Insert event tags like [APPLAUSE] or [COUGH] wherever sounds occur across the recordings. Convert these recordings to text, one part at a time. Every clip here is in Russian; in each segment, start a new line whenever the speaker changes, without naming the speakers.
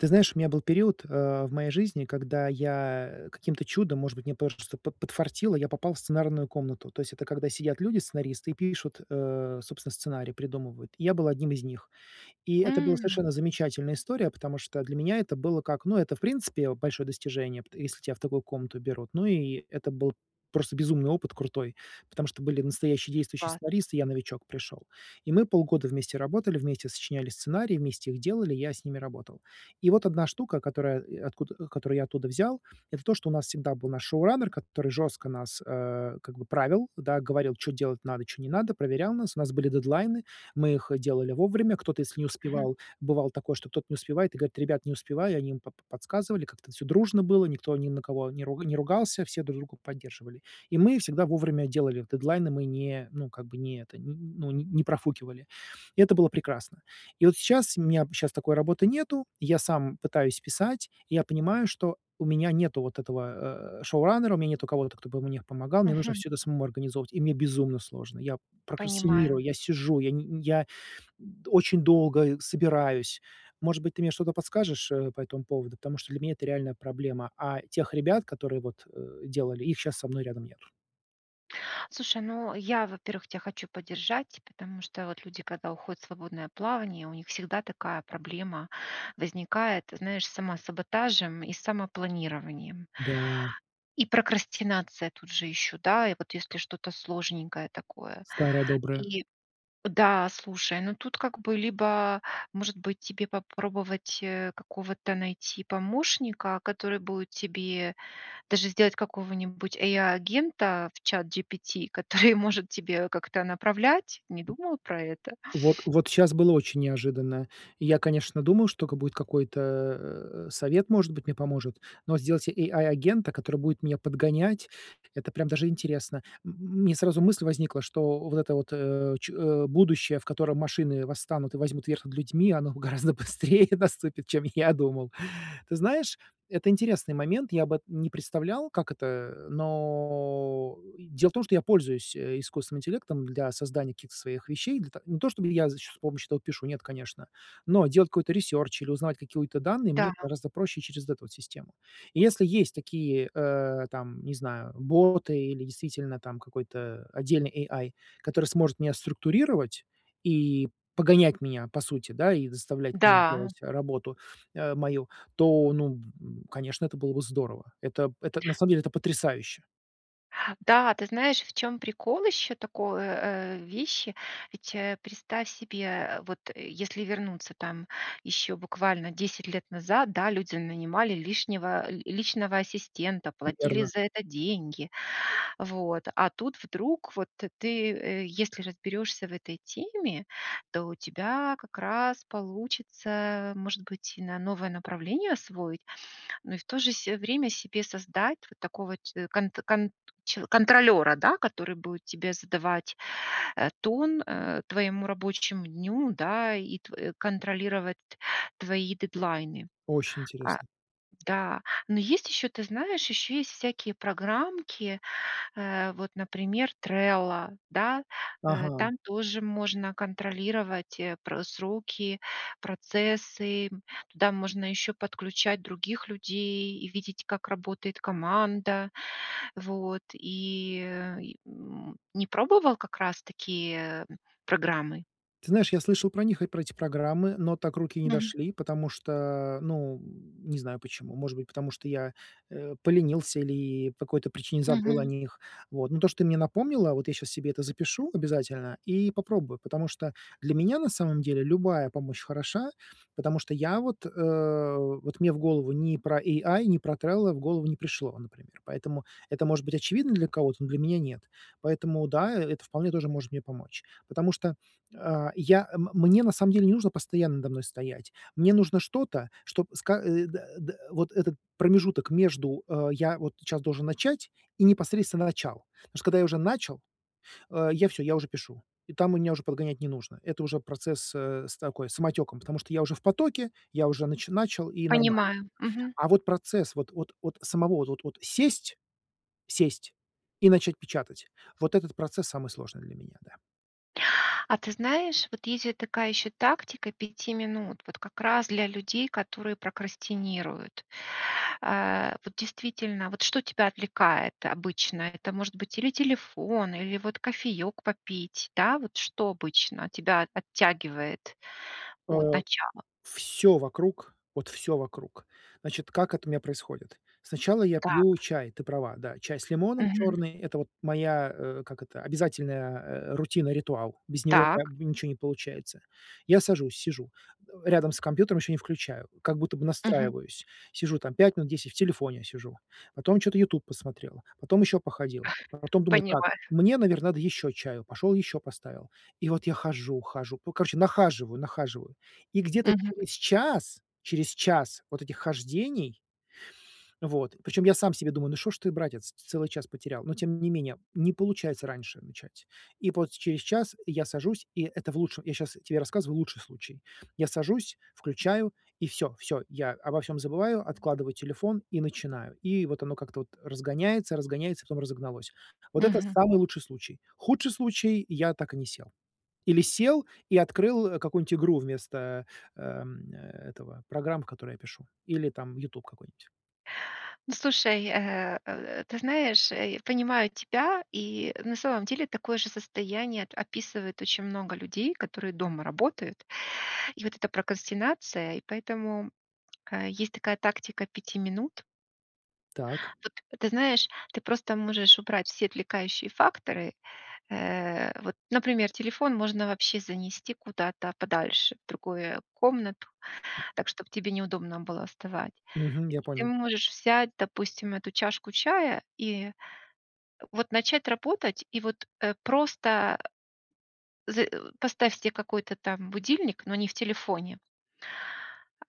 Ты знаешь, у меня был период, а, в моей жизни, когда я, э, каким-то чудом, может быть, мне просто под подфартило, я попал в сценарную комнату. То есть это когда сидят люди, сценаристы, и пишут, э, собственно, сценарий, придумывают. И я был одним из них. И это была
М.
совершенно замечательная история, потому что для меня это было как, ну, это, в принципе, о, большое достижение, пт если тебя в такую комнату берут. Ну и это был просто безумный опыт крутой, потому что были настоящие действующие
Класс.
сценаристы, и я новичок пришёл. И мы полгода вместе работали, вместе сочиняли сценарии, вместе их делали, я с ними работал. И вот одна штука, которая, и откуда, э, которую я оттуда взял. Это то, что у нас всегда был наш шоураннер который жестко нас, э, как бы правил, да. Говорил, чё делать надо, чё не надо, проверял нас. У нас были дедлайны, мы их, э, делали вовремя, кто-то, если не
Мгм.
успевал, бывало такое, что кто-то не успевает, и говорит: "Ребят, не успеваю". Они им по по подсказывали, как-то это всё дружно было, никто ни на кого не руг не ругался, все друг друга поддерживали. И мы всегда вовремя делали дедлайны, мы не, ну, как бы не это, нь ну, не не профукивали. И это было прекрасно. И вот сейчас у меня щас такой работы нету. Я сам пытаюсь писать, и я понимаю, что у меня нету вот этого, э, шоураннера, у меня нет кого-то, кто бы мне помогал, мне нужно
Мгм.
всё это самому организовывать, и мне безумно сложно. Я
Понимаю.
прокрастинирую, я сижу, я ни нь я, м, очень долго, э, собираюсь. Может быть, ты мне что-то подскажешь, э, по этому поводу, потому что для меня это реальная проблема, а тех ребят, которые вот, э, делали, их щас со мной рядом нет.
Слушай, ну я, во-первых, тя хочу поддержать, потому что, вот, люди, когда уходят в свободное плавание, у них всегда такая проблема возникает, ты знаешь, с самосаботажем и с самопланированием.
Да.
И прокрастинация тут же ещё, да, и, вот, если что-то сложненькое такое.
Старое доброе.
И, да, слушай. Ну тут, как бы, либо, может быть, тебе попробовать, э, какого-то найти помощника, который будет тебе. Даже сделать какого-нибудь AI -агента в ChatGPT, который может тебя как-то направлять. Не
М.
думала про это?
Вот, вот щас было очень неожиданно. Я, конечно, думаю, что ка будет какой-то, э, совет, может быть, мне поможет. Но сделать AI -агента, который будет меня подгонять, это, прям, даже интересно. М, м, мне сразу мысль возникла, что, вот это вот, э, че э, будущее, в котором машины восстанут и возьмут верх над людьми, оно гораздо быстрее наступит, чем я думал. Ты знаешь, это интересный момент, я бы не представлял, как это, но, э, и. Дело в том, что я пользуюсь, э, искусственным интеллектом для создания каких-то своих вещей. Для та не то, чтобы я значит с помощью этого пишу, нет, конечно. Но, делать какой-то ресерч или узнавать какие-то данные, мне
Да.
гораздо проще через эту, вот, систему. И, если есть такие, э, там, не знаю, боты или действительно, там, какой-то отдельный AI, который сможет меня структурировать и погонять меня, по сути, да, и заставлять меня
Да. У.
делать работу, а, мою. То, ну, м, б м, конечно, это было бы здорово. Это п это, на самом деле, это потрясающе.
Да, ты знаешь, в чём прикол ещё такой, э, вещи. Ведь, э, представь себе. Э, вот, э, если вернуться, там, еще буквально 10 лет назад, да, люди нанимали лишнего, э, ли личного ассистента, платили
Верно.
за это деньги, вот. А тут вдруг, вот ты, ты, э, если разберёшься в этой теме, то у тебя как раз получится, может быть, и на новое направление освоить. Ну, и в то же се время себе создать вот такого че конт конт че контролера, да, который будет тебе задавать, э, тон, э, твоему рабочему дню, да, и тв э, контролировать твои дедлайны.
Очень
А,
интересно.
да. Но есть ещё, ты знаешь, ещё есть всякие программки. Э, вот, например, Trello, да. Э,
Ага.
там тоже можно контролировать, э, пр сроки, процессы, м. Туда можно ещё подключать других людей и видеть, как работает команда. Вот. И, э, и, м, не пробовал, как раз, такие, программы?
Ты знаешь, я слышал про них, и про эти программы, но так руки и не
Мгм.
дошли. Потому что, ну, м, не знаю, почему. Может быть, потому что я, э, поленился или, по какой-то причине, забыл о
Мгм.
них. Вот, но то, что ты мне напомнила, вот, я щас себе это запишу обязательно и попробую. Потому что для меня, на самом деле, любая помощь хороша, потому что я, вот, э, вот, мне в голову ни про AI, ни про Trello в голову не пришло, например. Поэтому, это может быть очевидно для кого-то, но для меня нет. Поэтому да, э, это вполне тоже может мне помочь. Потому что, э, я м мне, на самом деле, не нужно постоянно надо мной стоять. Мне нужно что-то, чтоб ска э, да, да, вот этот промежуток между, э, "я вот щас должен начать", и, непосредственно, "начал". Потому что, когда я уже начал, э, я всё, я уже пишу, и там меня уже подгонять не нужно, это уже процесс, э, с такой, самотеком. Потому что я уже в потоке, я уже нач начал и нормально,
Понимаю.
да.
Мгм.
А, вот, процесс вот, вот, вот самого, вот, вот, сесть, сесть и начать печатать вот этот процесс самый сложный для меня, да.
А ты знаешь, вот, есть же такая ещё тактика 5 минут, вот, как раз, для людей, которые прокрастинируют. А, вот, действительно, вот, что тебя отвлекает обычно? Это может быть или телефон, или вот кофеек попить, да? Вот, что обычно тебя от оттягивает от
Э.
начала?
Всё вокруг, вот, всё вокруг. Значит, как это у меня происходит? Сначала я пью
Так.
чай, ты права, да, чай с лимоном,
Мгм.
чёрный- это, вот, моя, э, как это, обязательная, э, рутина, ритуал. Без него, как
Так.
бы, ничего не получается. Я сажусь, сижу, а, рядом с компьютером ещё не включаю, как будто бы
Мгм.
настраиваюсь, сижу там 5 минут, 10. В телефоне сижу. Потом чё-то "Ютуб" посмотрел, потом ещё походил,
[CHUCKLES]
потом думаю: "Так,
Поняла.
мне, наверно, надо ещё чаю", пошёл ещё поставил. И, вот, я хожу, хожу, ну короче нахаживаю, нахаживаю, и где-то
Мгм.
через час, через час, вот, этих хождений Вот. Причём, я сам себе думаю: "Ну что ж ты, братец, целый час потерял". Но, тем не менее, не получается раньше начать. И вот, через час я сажусь, и, это в лучшем. Я щас тебе рассказываю лучший случай. Я сажусь, включаю и всё, всё, я обо всём забываю, откладываю телефон и начинаю. И, вот, оно, как-то, вот, разгоняется, разгоняется, потом разогналось. Вот это
Мгм.
самый лучший случай. Худший случай- я так и не сел. Или сел и открыл, э, какую-нибудь игру вместо, э, эм, э, этого, программ, в которые я пишу. Или, там, "Ютуб" какой-нибудь.
Ну слушай, э, э, ты знаешь, э, я понимаю тебя. И, на самом деле, такое же состояние ат описывает очень много людей, которые дома работают. И, вот, эта прокрастинация, и поэтому, э, есть такая тактика 5 минут.
Так.
Вот, а, ты знаешь, ты просто можешь убрать все отвлекающие факторы. Э, вот, например, телефон можно вообще занести куда-то подальше, в другую комнату так, чтоб тебе неудобно было вставать.
Мгм.
И
Я
ты
понял.
можешь взять, допустим, эту чашку чая и, э, вот, начать работать, и вот, э, просто, э з э, поставь себе какой-то, там, будильник, но не в телефоне.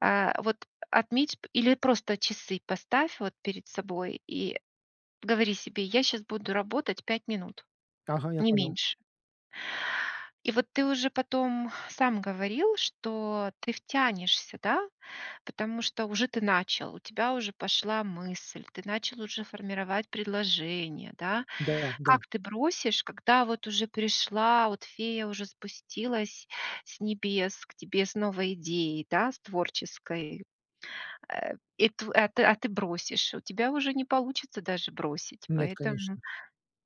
Э, вот, отметь, п или просто часы поставь, вот, перед собой и говори себе: "Я щас буду работать 5 минут,
Ага, я
не
понял.
меньше". И, вот, ты уже потом сам говорил, что ты втянешься, да. Потому что уже ты начал, у тебя уже пошла мысль, ты начал уже формировать предложение, да?
Да, да.
Как ты бросишь, когда, вот, уже пришла, вот, фея уже спустилась с небес к тебе с новой идеей, да, с творческой. Э, и тв а, ты, а, ты бросишь. У тебя уже не получится даже бросить,
Нет,
поэтому,
конечно.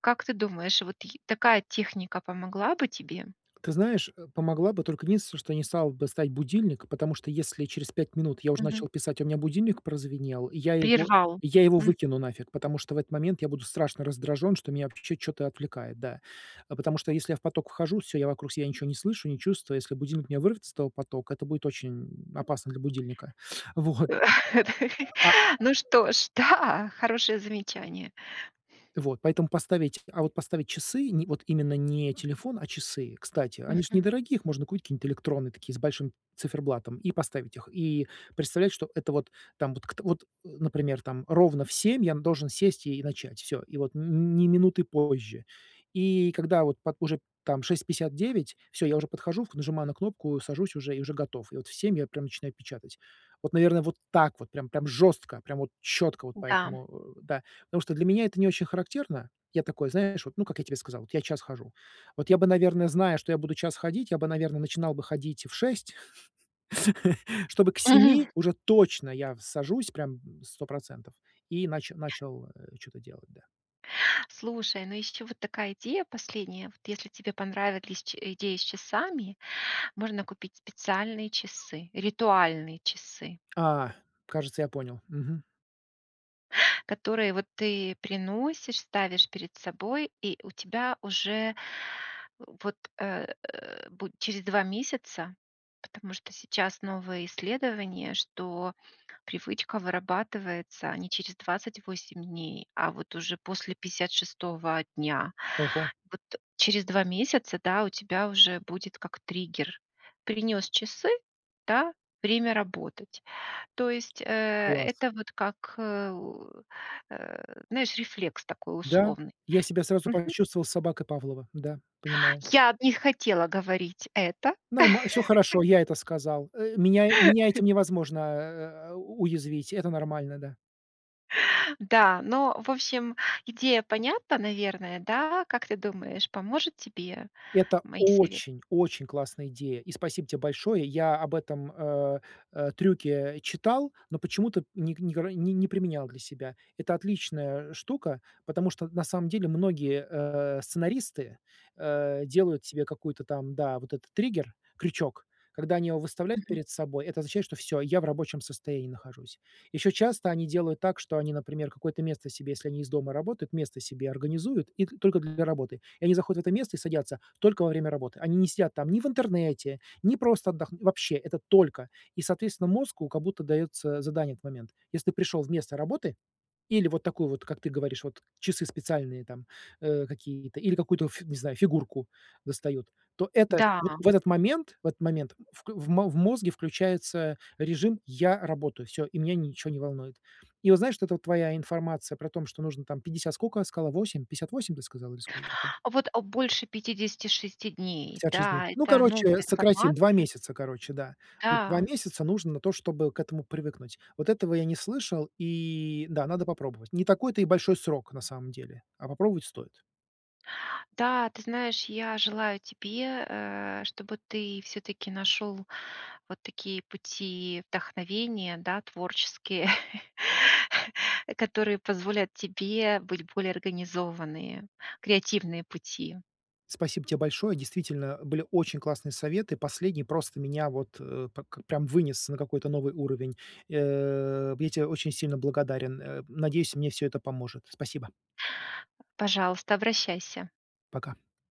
как ты думаешь, вот й такая техника помогла бы тебе?
Ты знаешь, э, помогла бы. Только единственное, что я не стал бы ставить будильник, потому что если через 5 минут я уже начал
Мгм.
писать, а у меня будильник прозвенел, я его,
Прервал.
я его
Мгм.
выкину нафиг. Потому что в этот момент я буду страшно раздражён, что меня вообще чё-то отвлекает, да. А потому что, если я в поток вхожу, всё, я вокруг себя ничего не слышу, не чувствую, если будильник меня вырвет из этого потока, это будет очень, м, опасно для будильника. Вот.
Э. Да
Да,
и.
да. А
Ну
[UNINTELLIGIBLE]
что ж. Да! Хорошее замечание.
Вот. Поэтому поставить, а, вот, поставить часы, ни, вот, именно не телефон, а часы. Кстати, они ж
Мгм.
недорогие, их можно купить какие-нибудь электронные такие, с большим циферблатом и поставить их. И представлять, что это вот, там вот кт вот, э, например, там ровно в 7 я должен сесть и начать, всё, и вот н ни минуты позже. И, когда, вот пот уже, там, 6:59. Всё я уже подхожу, нажимаю на кнопку, сажусь уже, и уже готов. И, вот, в 7 я прям начинаю печатать. Вот, наверное, вот так вот, прям, прям жестко, прям, вот, чётко. Вот,
М-да.
поэтому, э, да. Потому что для меня это не очень характерно. Я такой, знаешь, вот, ну как я тебе сказал, вот, я час хожу. Вот, я бы, наверное, зная, что я буду час ходить, я бы, наверно, начинал бы ходить в 6, [CHUCKLES] чтобы к
Мгм.
7 уже точно я в сажусь, прям 100 %. И нач начал, э, чё-то делать, да.
Слушай, ну ещё, вот, такая идея последняя. Вот, если тебе понравились чи э, идеи с часами, можно купить специальные часы, ритуальные часы.
А! Кажется, я понял, мгм.
Которые вот ты приносишь, ставишь перед собой, и у тебя уже вот, э, бу через 2 месяца. Потому что сейчас новые исследования, что привычка вырабатывается не через 28 дней, а вот уже после 56 дня,
Ого.
вот. Э, через 2 месяца, да, у тебя уже будет как триггер. Принёс часы, да, время работать. То есть, э,
Класс.
это вот как, э, э, знаешь, рефлекс такой
Да,
условный.
я себя сразу
Мгм.
почувствовал собакой Павлова. Да, понимаю.
Я не хотела говорить это.
Нормал всё хорошо,
[LAUGHS]
я это сказал, э. Меня этим
[CHUCKLES]
невозможно, э, уязвить. Это нормально, да.
Да, но, в общем, идея понятна, наверное, да? Как ты думаешь, поможет тебе?
Это
Мои сове
очень-очень классная идея, и спасибо тебе большое. Я об этом, э, э, трюке читал, но почему-то не не ког не применял для себя. Это отличная штука, потому что на самом деле многие, э, сценаристы, э, делают себе какой-то там, да, вот это триггер, крючок. Когда они его выставляют
Мгм.
перед собой, это означает, что всё, я в рабочем состоянии нахожусь. Ещё часто они делают так, что они, например, какое-то место себе, если они из дома работают, место себе организуют и т только для работы. И они заходят в это место и садятся только во время работы. Они не сидят там ни в интернете, ни просто отдох вообще, это только. И, соответственно, мозгу как будто даётся задание в этот момент. Если ты пришёл вместо работы или вот такую вот, как ты говоришь, вот часы специальные там, э, какие-то, или какую-то, ф не знаю, фигурку достают, то это
Да.
вот в этот момент, в этот момент в кл в мо в мозге включается режим: "Я работаю, всё, и меня ничего не волнует". И вот знаешь, вот эта твоя информация про том, что нужно там 50 сколько сказала 8, 58, ты сказала, или сколько?
Вот, а больше 56 дней,
56 дней.
да,
Ну,
это новая
короче, сократим 2
информация.
месяца, короче, да. Вот 2
Да.
месяца нужно на то, чтобы к этому привыкнуть. Вот этого я не слышал, и, да, надо попробовать. Не такой-то и большой срок, на самом деле, а попробовать стоит.
Да, ты знаешь, я желаю тебе, э, чтобы ты всё-таки нашёл в вот такие пути вдохновения, да, творческие, [CHUCKLES] э, которые позволят тебе быть более организованные, креативные пути.
Спасибо те большое. Действительно, были очень классные советы, последний просто меня вот, э, так прям вынес на какой-то новый уровень. Э, я те очень сильно благодарен. Э, надеюсь, мне всё это поможет. Спасибо.
А. Пожалуйста, обращайся.
Пока.